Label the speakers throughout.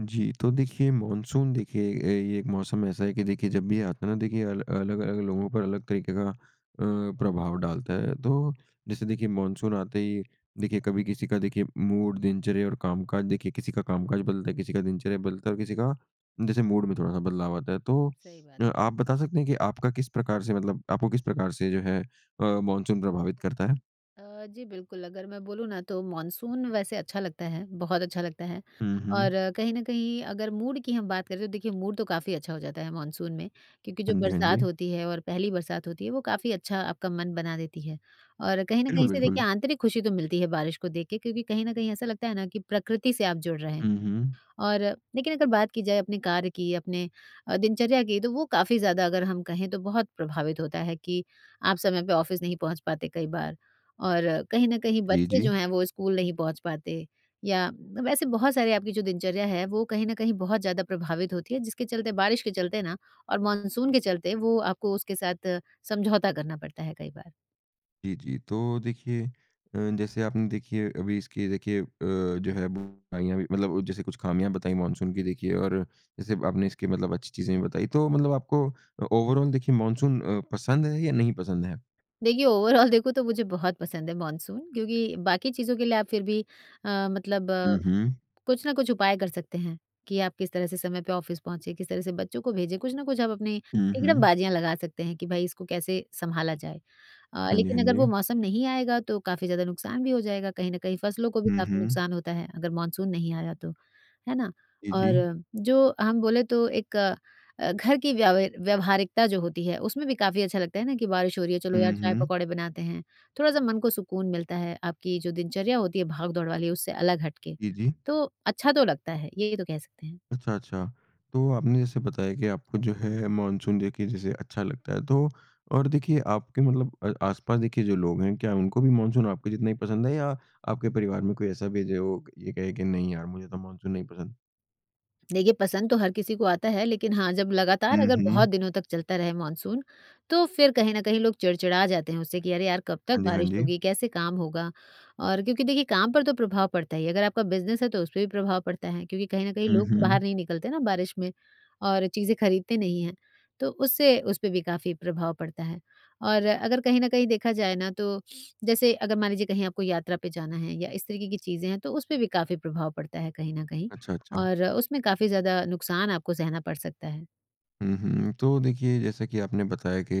Speaker 1: जी, तो देखिए मानसून देखिए अ, ये एक मौसम ऐसा है कि देखिए जब भी आता ना देखिए अल अलग-अलग लोगों पर अलग तरीके का अ, प्रभाव डालता है, तो जैसे देखिए मानसून आते ही देखिए कभी किसी का देखिए मूड, दिनचर्या और काम-काज देखिए किसी का काम-काज बदलता है, किसी का दिनचर्या बदलता है और किसी का जैसे मूड में थोड़ा-सा बदलाव आता है। तो
Speaker 2: सही बात।
Speaker 1: अ, आप बता सकते हैं कि आपका किस प्रकार से मतलब आपको किस प्रकार से जो है अ, मानसून प्रभावित करता है?
Speaker 2: अ, जी बिल्कुल, अगर मैं बोलूँ ना तो मानसून वैसे अच्छा लगता है, बहुत अच्छा लगता है
Speaker 1: हुँ,
Speaker 2: और
Speaker 1: हुँ।
Speaker 2: कहीं न कहीं अगर मूड की हम बात करें, तो देखिए मूड तो काफ़ी अच्छा हो जाता है मानसून में, क्योंकि जो
Speaker 1: हाँ जी, हाँ
Speaker 2: बरसात
Speaker 1: जी।
Speaker 2: होती है और पहली बरसात होती है, वो काफ़ी अच्छा आपका मन बना देती है। और कहीं न
Speaker 1: बिल्कुल,
Speaker 2: कहीं से देखिए
Speaker 1: बिल्कुल।
Speaker 2: आंतरिक खुशी तो मिलती है बारिश को देख के क्योंकि कहीं न कहीं ऐसा लगता है ना कि प्रकृति से आप जुड़ रहे हैं,
Speaker 1: हुँ, हुँ।
Speaker 2: और लेकिन अगर बात की जाए अपने कार्य की, अपने अ, दिनचर्या की तो वो काफ़ी ज़्यादा अगर हम कहें तो बहुत प्रभावित होता है, कि आप समय पे ऑफिस नहीं पहुँच पाते कई बार और कहीं न कहीं
Speaker 1: जी,
Speaker 2: बच्चे
Speaker 1: जी।
Speaker 2: जो हैं, वो स्कूल नहीं पहुँच पाते। या अ, वैसे बहुत सारे आपकी जो दिनचर्या है वो कहीं न कहीं बहुत ज़्यादा प्रभावित होती है, जिसके चलते बारिश के चलते ना और मानसून के चलते वो आपको उसके साथ समझौता करना पड़ता है कई बार।
Speaker 1: जी, जी। तो देखिए अ, जैसे आपने देखिए अभी इसकी देखिए अ, जो है बुराइयाँ भी मतलब जैसे कुछ ख़ामियाँ बताई मानसून की देखिए और जैसे आपने इसके मतलब अच्छी चीज़ें भी बताई, तो मतलब आपको अ, ओवरऑल देखिए मानसून अ, पसंद है? या नहीं पसंद है?
Speaker 2: देखिए, ओवरऑल देखो तो मुझे बहुत पसंद है मानसून, क्योंकि बाकी चीज़ों के लिए आप फिर भी अ, मतलब
Speaker 1: हुँ, हुँ।
Speaker 2: कुछ ना कुछ उपाय कर सकते हैं, कि आप किस तरह से समय पे ऑफिस पहुँचे, किस तरह से बच्चों को भेजें, कुछ ना कुछ आप अपनी
Speaker 1: हुँ, हुँ।
Speaker 2: तिकड़म-बाज़ियाँ लगा सकते हैं, कि भई इसको कैसे सँभाला जाए। अ,
Speaker 1: हाँ जी, हाँ
Speaker 2: लेकिन अगर
Speaker 1: जी।
Speaker 2: वो मौसम नहीं आएगा, तो काफ़ी ज़्यादा नुकसान भी हो जाएगा, कहीं न कहीं फसलों को भी
Speaker 1: हुँ,
Speaker 2: काफ़ी
Speaker 1: हुँ।
Speaker 2: नुकसान होता है, अगर मानसून नहीं आया तो, है ना?
Speaker 1: जी, जी।
Speaker 2: और जो हम बोले तो एक अ, घर की व्याव व्यवहारिकता जो होती है, उसमें भी काफ़ी अच्छा लगता है ना कि बारिश हो रही है चलो यार,
Speaker 1: हुँ, हुँ।
Speaker 2: चाय-पकौड़े बनाते हैं, थोड़ा-सा मन को सुकून मिलता है। आपकी जो दिनचर्या होती है भागदौड़ वाली उससे अलग हटके,
Speaker 1: जी, जी।
Speaker 2: तो अच्छा तो लगता है, ये तो कह सकते हैं।
Speaker 1: अच्छा, अच्छा। तो आपने जैसे बताया कि आपको जो है, मानसून देखिए जैसे अच्छा लगता है, तो और देखिए आपके मतलब अ, आस-पास देखिए जो लोग हैं, क्या उनको भी मानसून आपके जितना ही पसंद है? या आपके परिवार में कोई ऐसा भी है, जो है वो ये कहे कि नहीं यार, मुझे तो मानसून नहीं पसंद?
Speaker 2: देखिए, पसंद तो हर किसी को आता है लेकिन हाँ, जब लगातार
Speaker 1: हुँ,
Speaker 2: अगर
Speaker 1: हुँ।
Speaker 2: बहुत दिनों तक चलता रहे मानसून, तो फिर कहीं न कहीं लोग चिड़चिड़ा जाते हैं उससे, कि अरे, यार कब तक
Speaker 1: हाँ जी, हाँ
Speaker 2: बारिश
Speaker 1: जी।
Speaker 2: होगी, कैसे काम होगा? और क्योंकि देखिए काम पर तो प्रभाव पड़ता ही है अगर आपका बिज़नेस है, तो उस पर भी प्रभाव पड़ता है, क्योंकि कहीं न कहीं
Speaker 1: हुँ,
Speaker 2: लोग बाहर
Speaker 1: हुँ।
Speaker 2: नहीं निकलते ना बारिश में और चीज़ें खरीदते नहीं हैं, तो उससे उसपे भी काफ़ी प्रभाव पड़ता है। और अगर कहीं न कहीं देखा जाए ना, तो जैसे अगर मान लीजिए कहीं आपको यात्रा पे जाना है या इस तरीके की चीज़ हैं, तो उसपे भी काफ़ी प्रभाव पड़ता है कहीं न कहीं।
Speaker 1: अच्छा, अच्छा।
Speaker 2: और उसमें काफ़ी ज़्यादा नुकसान आपको सहना पड़ सकता है।
Speaker 1: हुँ, हुँ। तो देखिए, जैसा कि आपने बताया कि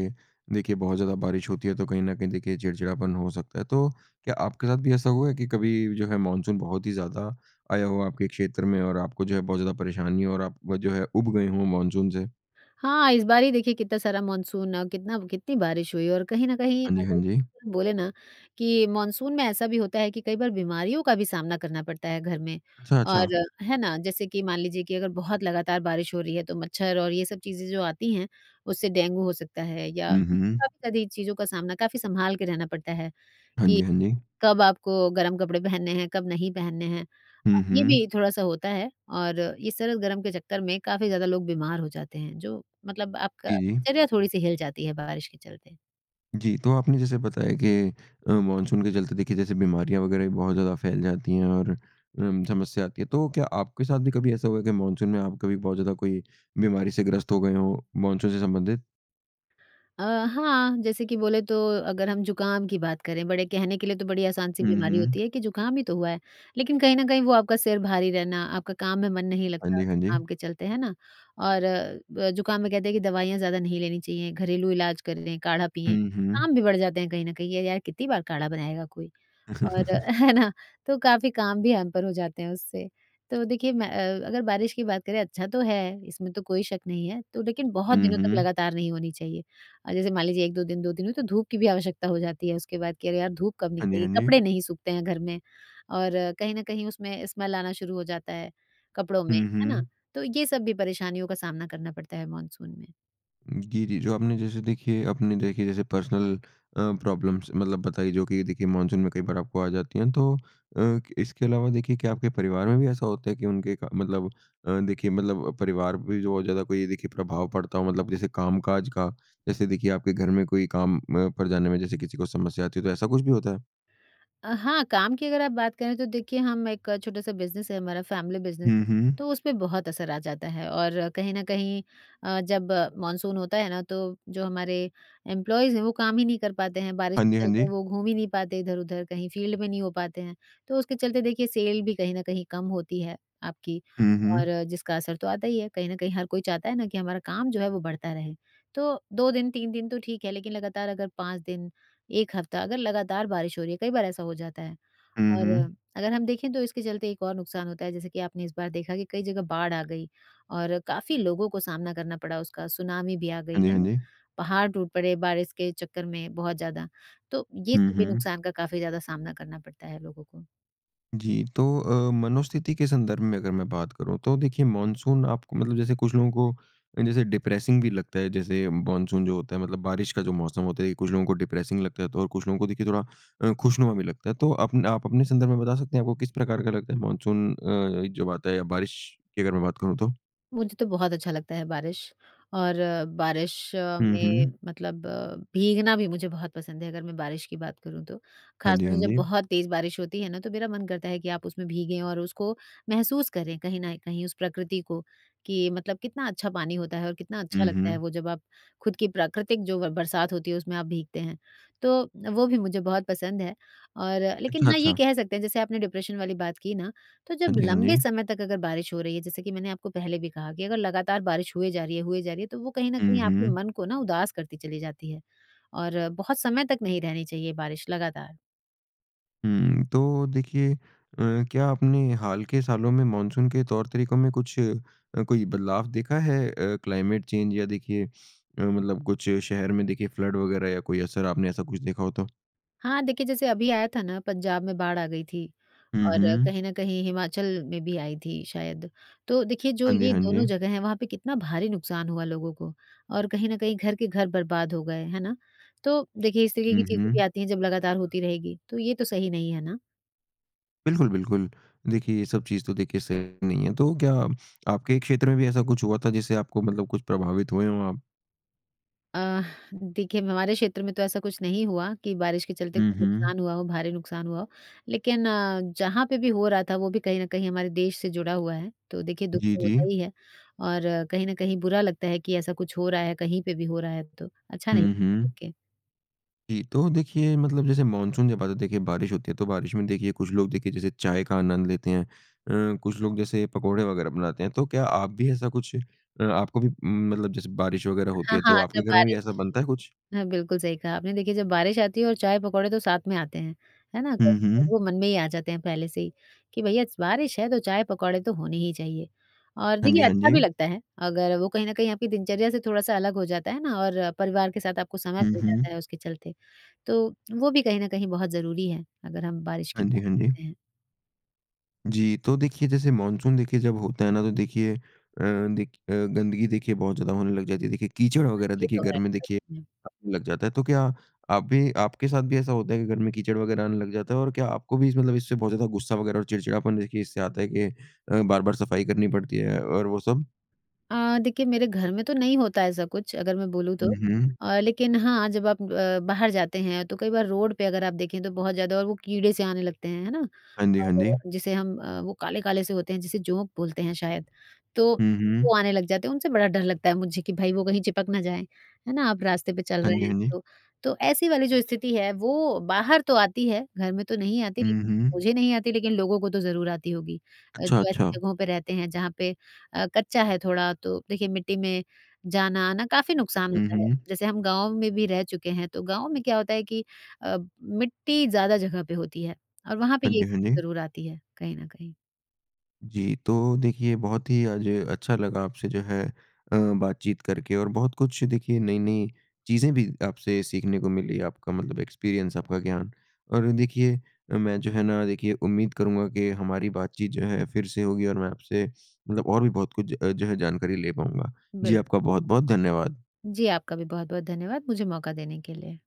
Speaker 1: देखिए, बहुत ज़्यादा बारिश होती है तो कहीं न कहीं देखिए चिड़चिड़ापन हो सकता है। तो, क्या आपके साथ भी ऐसा हुआ है कि कभी जो है मानसून बहुत ही ज़्यादा आया हो आपके क्षेत्र में और आपको जो है बहुत ज़्यादा परेशानी हो और आप जो है ऊब गए हो मानसून से?
Speaker 2: हाँ, इस बार ही देखिए कितना सारा मानसून अ, कितना कितनी बारिश हुई और कहीं न कहीं
Speaker 1: हाँ जी, हाँ
Speaker 2: अगर
Speaker 1: जी।
Speaker 2: बोले ना, कि मानसून में ऐसा भी होता है कि कई बार बीमारियों का भी सामना करना पड़ता है घर में।
Speaker 1: अच्छा,
Speaker 2: और
Speaker 1: अच्छा।
Speaker 2: है ना, जैसे कि मान लीजिए कि अगर बहुत लगातार बारिश हो रही है, तो मच्छर और ये सब चीज़ें जो आती हैं, उससे डेंगू हो सकता है या
Speaker 1: हुँ, हुँ।
Speaker 2: काफ़ी ज़्यादी चीज़ों का सामना काफ़ी सँभाल के रहना पड़ता है
Speaker 1: हाँ
Speaker 2: कि,
Speaker 1: जी, हाँ जी।
Speaker 2: कब आपको गर्म कपड़े पहनने हैं, कब नहीं पहनने हैं। अ,
Speaker 1: हुँ,
Speaker 2: ये भी
Speaker 1: हुँ।
Speaker 2: थोड़ा-सा होता है और ये सर्द-गरम के चक्कर में काफ़ी ज़्यादा लोग बीमार हो जाते हैं, जो मतलब आपका
Speaker 1: जी, जी।
Speaker 2: दिनचर्या थोड़ी-सी हिल जाती है बारिश के चलते।
Speaker 1: जी। तो आपने जैसे बताया कि अ, मानसून के चलते देखिए जैसे बीमारियाँ वगैरह भी बहुत ज़्यादा फैल जाती हैं और उम, समस्या आती है। तो क्या आपके साथ भी कभी ऐसा हुआ है, कि मानसून में आप कभी बहुत ज़्यादा कोई बीमारी से ग्रस्त हो गए हों, मानसून से संबंधित?
Speaker 2: अ, हाँ जैसे कि बोले तो अगर हम ज़ुकाम की बात करें, बड़े कहने के लिए तो बड़ी आसान सी
Speaker 1: हुँ,
Speaker 2: बीमारी
Speaker 1: हुँ।
Speaker 2: होती है कि ज़ुकाम ही तो हुआ है, लेकिन कहीं न कहीं वो आपका सिर भारी रहना, आपका काम में मन नहीं
Speaker 1: हाँ
Speaker 2: लगता
Speaker 1: जी, हाँ जी।
Speaker 2: जुकाम के चलते, हैं ना? और अ, ज़ुकाम में कहते हैं कि दवाइयाँ ज़्यादा नहीं लेनी चाहिए, घरेलू इलाज कर लें, काढ़ा पिएँ,
Speaker 1: हुँ, हुँ।
Speaker 2: काम भी बढ़ जाते हैं कहीं न कहीं, ये यार कितनी बार काढ़ा बनाएगा कोई और है ना? तो काफ़ी काम भी हैम्पर हो जाते हैं उससे। तो देखिए मैं अ, अगर बारिश की बात करें अच्छा तो है, इसमें तो कोई शक नहीं है, तो लेकिन बहुत
Speaker 1: हुँ,
Speaker 2: दिनों तक
Speaker 1: हुँ।
Speaker 2: लगातार नहीं होनी चाहिए अ, जैसे मान लीजिए 1-2 दिन, 2 दिन हुई, तो धूप की भी आवश्यकता हो जाती है उसके बाद, कि अरे, यार धूप कब
Speaker 1: हाँ जी,
Speaker 2: निकलेगी,
Speaker 1: हाँ जी।
Speaker 2: कपड़े नहीं सूखते हैं घर में। और कहीं न कहीं उसमें स्मैल आना शुरू हो जाता है, कपड़ों में,
Speaker 1: हुँ,
Speaker 2: है ना?
Speaker 1: हुँ।
Speaker 2: तो ये सब भी परेशानियों का सामना करना पड़ता है मानसून में।
Speaker 1: जी, जी। जो आपने जैसे देखिए अपने देखिए जैसे पर्सनल अ, प्रॉब्लम्स मतलब बताई जो कि देखिए मानसून में कई बार आपको आ जाती हैं। तो अ, इसके अलावा देखिए क्या आपके परिवार में भी ऐसा होता है कि उनके क मतलब अ, देखिए मतलब परिवार पे भी बहुत ज़्यादा कोई देखिए प्रभाव पड़ता हो? मतलब जैसे कामकाज का, जैसे देखिए आपके घर में कोई काम अ, पर जाने में जैसे किसी को समस्या आती है, तो ऐसा कुछ भी होता है?
Speaker 2: अ, हाँ काम की अगर आप बात करें तो देखिए हम एक छोटा-सा बिज़नेस है हमारा फैमिली बिज़नेस है।
Speaker 1: हुँ, हुँ।
Speaker 2: तो उसपे बहुत असर आ जाता है और कहीं न कहीं अ, जब मानसून होता है ना, तो जो हमारे एम्प्लॉइज़ हैं, वो काम ही नहीं कर पाते हैं, बारिश
Speaker 1: हाँ
Speaker 2: के
Speaker 1: जी, हाँ जी।
Speaker 2: चलते वो घूम ही नहीं पाते इधर-उधर, कहीं फील्ड में नहीं हो पाते हैं। तो उसके चलते देखिए सेल भी कहीं न कही कम होती है आपकी
Speaker 1: हुँ,
Speaker 2: और
Speaker 1: हुँ।
Speaker 2: जिसका असर तो आता ही है, कहीं न कहीं हर कोई चाहता है ना कि हमारा काम जो है वो बढ़ता रहे। तो 2 दिन, 3 दिन तो ठीक है लेकिन लगातार अगर 5 दिन, 1 हफ्ता अगर लगातार बारिश हो रही है, कई बार ऐसा हो जाता है।
Speaker 1: हुँ,
Speaker 2: और
Speaker 1: हुँ।
Speaker 2: अगर हम देखें तो इसके चलते एक और नुकसान होता है जैसे कि आपने इस बार देखा कि कई जगह बाढ़ आ गई और काफ़ी लोगों को सामना करना पड़ा उसका, सुनामी भी आ गई,
Speaker 1: हाँ जी,
Speaker 2: है
Speaker 1: हाँ
Speaker 2: ना?
Speaker 1: जी।
Speaker 2: पहाड़ टूट पड़े बारिश के चक्कर में बहुत ज़्यादा, तो ये
Speaker 1: हुँ,
Speaker 2: सब भी
Speaker 1: हुँ।
Speaker 2: नुकसान का काफ़ी ज़्यादा सामना करना पड़ता है लोगों को।
Speaker 1: जी। तो अ, मनोस्थिति के संदर्भ में अगर मैं बात करूँ, तो देखिए मानसून आपको मतलब जैसे कुछ लोगों को अ, जैसे डिप्रेसिंग भी लगता है, जैसे मानसून जो होता है मतलब बारिश का जो मौसम होता है, ये कुछ लोगों को डिप्रेसिंग लगता है, तो और कुछ लोगों को देखिए थोड़ा अ, खुशनुमा भी लगता है। तो अपने आप अपने संदर्भ में बता सकते हैं आपको किस प्रकार का लगता है मानसून अ, जब आता है या बारिश की अगर मैं बात करूँ तो?
Speaker 2: मुझे तो बहुत अच्छा लगता है बारिश। और बारिश
Speaker 1: हुँ,
Speaker 2: में
Speaker 1: हुँ।
Speaker 2: मतलब भीगना भी मुझे बहुत पसंद है अगर मैं बारिश की बात करूँ तो।
Speaker 1: हाँ जी,
Speaker 2: ख़ासतौर
Speaker 1: हाँ
Speaker 2: से जब
Speaker 1: जी।
Speaker 2: बहुत तेज बारिश होती है ना, तो मेरा मन करता है कि आप उसमें भीगें और उसको महसूस करें कहीं न कहीं उस प्रकृति को, कि मतलब कितना अच्छा पानी होता है और कितना अच्छा
Speaker 1: हुँ,
Speaker 2: लगता है
Speaker 1: हुँ।
Speaker 2: वो जब आप खुद की प्राकृतिक जो ब बरसात होती है, उसमें आप भीगते हैं। तो, वो भी मुझे बहुत पसंद है और लेकिन
Speaker 1: अच्छा,
Speaker 2: हाँ, ये
Speaker 1: अच्छा।
Speaker 2: कह सकते हैं जैसे आपने डिप्रेशन वाली बात की ना, तो
Speaker 1: हाँ
Speaker 2: जब
Speaker 1: जी, हाँ
Speaker 2: लंबे
Speaker 1: जी।
Speaker 2: समय तक अगर बारिश हो रही है, जैसे कि मैंने आपको पहले भी कहा कि अगर लगातार बारिश हुए जा रही है हुए जा रही है, तो वो कहीं न
Speaker 1: हुँ,
Speaker 2: कहीं आपके
Speaker 1: हुँ।
Speaker 2: मन को ना उदास करती चली जाती है। और बहुत समय तक नहीं रहनी चाहिए बारिश लगातार।
Speaker 1: हुँ, तो देखिए अ, क्या आपने हाल के सालों में मानसून के तौर तरीकों में कुछ कोई बदलाव देखा है अ, क्लाइमेट चेंज या देखिए मतलब कुछ शहर में देखिए फ़्लड वगैरह या कोई असर आपने ऐसा कुछ देखा हो तो?
Speaker 2: हाँ, देखिए जैसे अभी आया था ना पंजाब में बाढ़ आ गई थी
Speaker 1: हुँ,
Speaker 2: और
Speaker 1: हुँ।
Speaker 2: कहीं न कहीं हिमाचल में भी आई थी शायद, तो देखिए जो
Speaker 1: हाँ जी,
Speaker 2: ये
Speaker 1: हाँ
Speaker 2: दोनों
Speaker 1: जी।
Speaker 2: जगह हैं वहाँ पे कितना भारी नुकसान हुआ लोगों को और कहीं न कहीं घर के घर बर्बाद हो गए हैं ना? तो देखिए इस तरह की
Speaker 1: हुँ,
Speaker 2: चीजें भी
Speaker 1: हुँ।
Speaker 2: आती हैं जब लगातार होती रहेगी तो ये तो सही नहीं है ना?
Speaker 1: बिल्कुल, बिल्कुल। देखिए ये सब चीज़ तो देखिए सही नहीं है, तो क्या आपके क्षेत्र में भी ऐसा कुछ हुआ था जिससे आपको मतलब कुछ प्रभावित हुए हो आप?
Speaker 2: अ, देखिए हमारे क्षेत्र में तो ऐसा कुछ नहीं हुआ कि बारिश के चलते
Speaker 1: हुँ,
Speaker 2: कोई
Speaker 1: हुँ।
Speaker 2: नुकसान हुआ हो, भारी नुकसान हुआ हो, लेकिन अ, जहाँ पे भी हो रहा था वो भी कहीं न कहीं हमारे देश से जुड़ा हुआ है, तो देखिए दुख
Speaker 1: जी,
Speaker 2: तो होता
Speaker 1: जी।
Speaker 2: ही है और कहीं न कहीं बुरा लगता है कि ऐसा कुछ हो रहा है, कहीं पे भी हो रहा है तो अच्छा नहीं
Speaker 1: हुँ,
Speaker 2: लगता
Speaker 1: हुँ।
Speaker 2: देखिए।
Speaker 1: जी, तो देखिए मतलब जैसे मानसून जब आता, देखिए बारिश होती है, तो बारिश में देखिए कुछ लोग देखिए जैसे चाय का आनंद लेते हैं अ, कुछ लोग जैसे पकौड़े वगैरह बनाते हैं। तो क्या आप भी ऐसा कुछ अ, आपको भी मतलब जैसे बारिश वगैरह होती
Speaker 2: हाँ,
Speaker 1: है
Speaker 2: हाँ
Speaker 1: तो
Speaker 2: जब
Speaker 1: आपके घर में भी ऐसा
Speaker 2: बारिश
Speaker 1: बनता है कुछ?
Speaker 2: हाँ, बिल्कुल सही कहा आपने, देखिए जब बारिश आती है और चाय-पकौड़े तो साथ में आते हैं। है ना? कहीं
Speaker 1: हुँ,
Speaker 2: न कहीं
Speaker 1: हुँ।
Speaker 2: वो मन में ही आ जाते हैं पहले से ही कि भइया स बारिश है, तो चाय-पकौड़े तो होने ही चाहिए और
Speaker 1: हाँ जी,
Speaker 2: देखिए
Speaker 1: हाँ
Speaker 2: अच्छा भी
Speaker 1: जी।
Speaker 2: लगता है अगर वो कहीं न कहीं आपके दिनचर्या से थोड़ा सा अलग हो जाता है ना और परिवार के साथ आपको समय
Speaker 1: हुँ,
Speaker 2: मिल जाता
Speaker 1: हुँ।
Speaker 2: है उसके चलते। तो वो भी कहीं न कहीं बहुत ज़रूरी है, अगर हम बारिश की
Speaker 1: हाँ जी,
Speaker 2: बात
Speaker 1: हाँ जी।
Speaker 2: करते हैं।
Speaker 1: जी, तो देखिए जैसे मानसून देखिए जब होता है ना तो देखिए अ, दे अ, गंदगी देखिए बहुत ज़्यादा होने लग जाती है, देखिए कीचड़
Speaker 2: हाँ,
Speaker 1: वगैरह
Speaker 2: ये
Speaker 1: देखिए
Speaker 2: तो
Speaker 1: घर
Speaker 2: हैं
Speaker 1: में
Speaker 2: सच
Speaker 1: देखिए
Speaker 2: में।
Speaker 1: लग जाता है, तो क्या आप भी आपके साथ भी ऐसा होता है कि घर में कीचड़ वगैरह आने लग जाता है और क्या आपको भी इस मतलब इससे बहुत ज़्यादा गुस्सा वगैरह और चिड़चिड़ापन देखिए इससे आता है कि अ, बार-बार सफ़ाई करनी पड़ती है और वो सब?
Speaker 2: अ, देखिए मेरे घर में तो नहीं होता है ऐसा कुछ अगर मैं बोलूँ तो
Speaker 1: हुँ, हुँ।
Speaker 2: अ, लेकिन हाँ, जब आप अ, बाहर जाते हैं तो कई बार रोड पे अगर आप देखें तो बहुत ज़्यादा और वो कीड़े से आने लगते हैं, है ना?
Speaker 1: हाँ जी, हाँ जी।
Speaker 2: और जिसे हम अ, वो काले-काले से होते हैं जिसे जोंक बोलते हैं शायद। तो
Speaker 1: हुँ,
Speaker 2: वो
Speaker 1: हुँ।
Speaker 2: आने लग जाते हैं उनसे बड़ा डर लगता है मुझे कि भई वो कहीं चिपक ना जाए, है ना? आप रास्ते पे चल
Speaker 1: हाँ
Speaker 2: रहे
Speaker 1: जी,
Speaker 2: हैं
Speaker 1: हाँ जी।
Speaker 2: तो, तो ऐसी वाली जो स्थिति है वो बाहर तो आती है, घर में तो नहीं आती,
Speaker 1: हुँ,
Speaker 2: लेकिन
Speaker 1: हुँ।
Speaker 2: मुझे नहीं आती लेकिन लोगों को तो ज़रूर आती होगी। अ,
Speaker 1: अच्छा,
Speaker 2: जो ऐसी
Speaker 1: अच्छा।
Speaker 2: जगहों पे रहते हैं जहाँ पे अ, कच्चा है थोड़ा तो देखिए मिट्टी में जाना-आना काफ़ी नुकसान
Speaker 1: हुँ,
Speaker 2: होता है,
Speaker 1: हुँ।
Speaker 2: जैसे हम गाँव में भी रह चुके हैं, तो गाँव में क्या होता है कि अ, मिट्टी ज़्यादा जगह पे होती है और वहाँ पे
Speaker 1: हाँ
Speaker 2: ये
Speaker 1: जी, हाँ
Speaker 2: स्थिति
Speaker 1: जी।
Speaker 2: ज़रूर आती है, कहीं न कहीं।
Speaker 1: जी, तो देखिए बहुत ही आज अच्छा लगा आपसे जो है अ, बातचीत करके और बहुत कुछ देखिए नई-नई चीज़ें भी आपसे सीखने को मिली, आपका मतलब एक्सपीरियंस आपका ज्ञान और देखिए मैं जो है ना देखिए उम्मीद करूँगा कि हमारी बातचीत जो है, फिर से होगी और मैं आपसे मतलब और भी बहुत कुछ अ, जो है जानकारी ले पाऊँगा। जी,
Speaker 2: बिल्क
Speaker 1: आपका बहुत-बहुत धन्यवाद।
Speaker 2: जी, आपका भी बहुत-बहुत धन्यवाद मुझे मौका देने के लिए।